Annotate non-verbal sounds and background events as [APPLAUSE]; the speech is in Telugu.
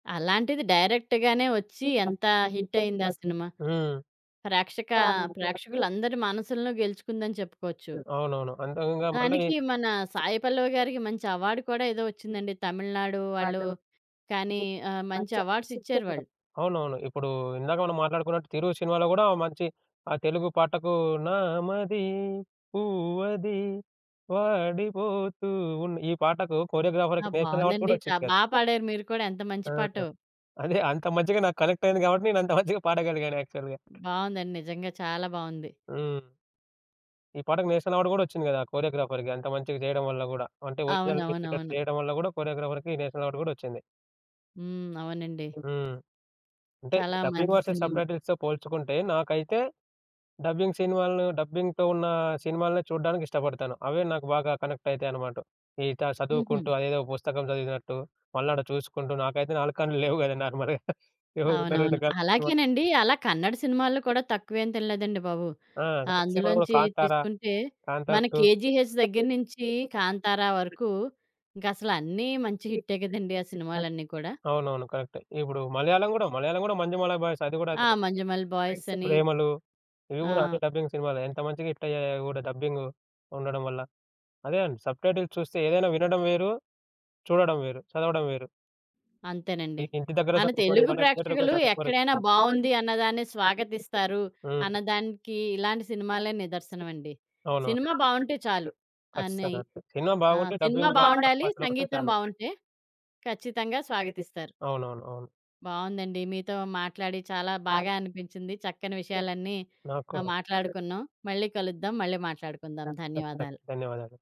అలాంటిది డైరెక్ట్‌గానే వచ్చి ఎంత హిట్ అయింది ఆ సినిమా. ప్రేక్షక హ్మ్. ప్రేక్షకులందరి మనసులను గెలుచుకుందని చెప్పుకోవచ్చు. అవునవును. అంతకంగా మళ్ళీ దానికి మన 'సాయి పల్లవి' గారికి మంచి అవార్డ్ కూడా ఏదో వచ్చిందండి. తమిళనాడు వాళ్ళు కానీ ఆహ్, మంచి అవార్డ్స్ ఇచ్చారువాళ్ళు. అవునవును. ఇప్పుడు ఇందాక మనం మాట్లాడుకున్నట్టు 'తిరు' సినిమాలో కూడా మంచి ఆహ్, తెలుగు పాటకు నామది పువ్వది వాడిపోతూ ఉన్ ఈ పాటకు ఆ! కొరియోగ్రాఫర్‌కి నేషనల్ అవార్డ్ బావుందండి. కూడా చా వచ్చింది. బా పాడారు మీరు కూడా ఎంత మంచి ఆ! పాటో. అదే. అంత మంచిగా నాకు కనెక్టయ్యింది [GIGGLES] కాబట్టి, నేను అంత మంచిగా పాడగలిగాను యాక్చువల్‌‌గా. బావుందండి. నిజంగా, చాలా బావుంది. హ్మ్. ఈ పాటకి నేషనల్ అవార్డ్ కూడా వచ్చింది కదా! కొరియోగ్రాఫర్‌‌కి అంత మంచిగా చేయడం వల్ల గూడా. అంటే ఒరిజినల్ అవునవును. టిప్పిటపి అవును. చేయడం వల్ల గూడా కొరియోగ్రాఫర్‌కి నేషనల్ అవార్డ్ గూడా వచ్చింది. హ్మ్. అవునండి. హ్మ్. అంటే చాలా డబ్బింగ్ మంచి వర్సెస్ సినిమా. సబ్‌టైటిల్స్‌తో పోల్చుకుంటే, నాకైతే డబ్బింగ్ సినిమాలను డబ్బింగ్‌తో ఉన్న సినిమాలనే చూడడానికి ఇష్టపడతాను. అవే నాకు బాగా కనెక్ట్ అయితాయనమాట. ఈట చదువుకుంటూ హుహు. అదేదో పుస్తకం చదివినట్టు, మళ్ళాడ చూసుకుంటూ నాకైతే 4 కండ్లు లేవు గదా! నార్మల్‌గా. [CHUCKLES] ఏవో ఉన్న 2 అవునవును. కళ్ళు ఉత్తవే. అలాగేనండి, అలా కన్నడ సినిమాల్లో కూడా తక్కువేం తినలేదండి బాబు. ఆ! ఆహ్, సినిమా అందులోంచి 'కాంతారా', తీసుకుంటే 'కాంతారా మన టూ.' 'కేజీహెచ్' దగ్గర నుంచి 'కాంతార' వరకు ఇంకసలు అన్నీ మంచి హిట్టె కదండీ! ఆ సినిమాలన్నీ కూడా. అవునవును. కరెక్టే. ఇప్పుడు మలయాళం గూడా మలయాళం గూడా 'మంజుమాలా బాయ్స్' అది గూడా ఆ! కరెక్టే. 'మంజుమల్ బాయ్స్' అని. ప్రేమలు ఇవి ఆ! గూడా అంటే డబ్బింగ్ సినిమాలే. ఎంత మంచిగా హిట్టయ్యాయో అవి గూడా డబ్బింగు ఉండడం వల్ల. అదే. సబ్‌టైటిల్స్ చూస్తే ఏదైనా వినడం వేరు, చూడడం వేరు, చదవడం వేరు. ఈ అంతేనండి. ఇంటి దగ్గర మన చదువుకోరు. తెలుగు బడి దగ్గర ప్రేక్షకులు చదువుకోరు. ఎక్కడైనా బావుంది అన్నదాన్నే స్వాగతిస్తారు, హ్మ్. అన్నదానికి ఇలాంటి సినిమాలే నిదర్శనమండి. అవునా? సినిమా బావుంటే చాలు అనయ్ ఖచ్చితంగా. సినిమా ఆ! బాగుంటే సినిమా డబ్బింగ్ బావుండాలి. పోరపాటులో కూడా సంగీతం తేడా ఉండదు. బావుంటే ఖచ్చితంగా స్వాగతిస్తారు. అవునవును. అవును. బావుందండి. మీతో మాట్లాడి చాలా బాగా అనిపించింది. చక్కని విషయాలన్నీ ఆహ్, నాక్కూడా. మాట్లాడుకున్నాం. మళ్ళీ కలుద్దాం, మళ్ళీ ధ మాట్లాడుకుందాం. ధ ధ ధన్యవాదాలు. ధన్యవాదాలు.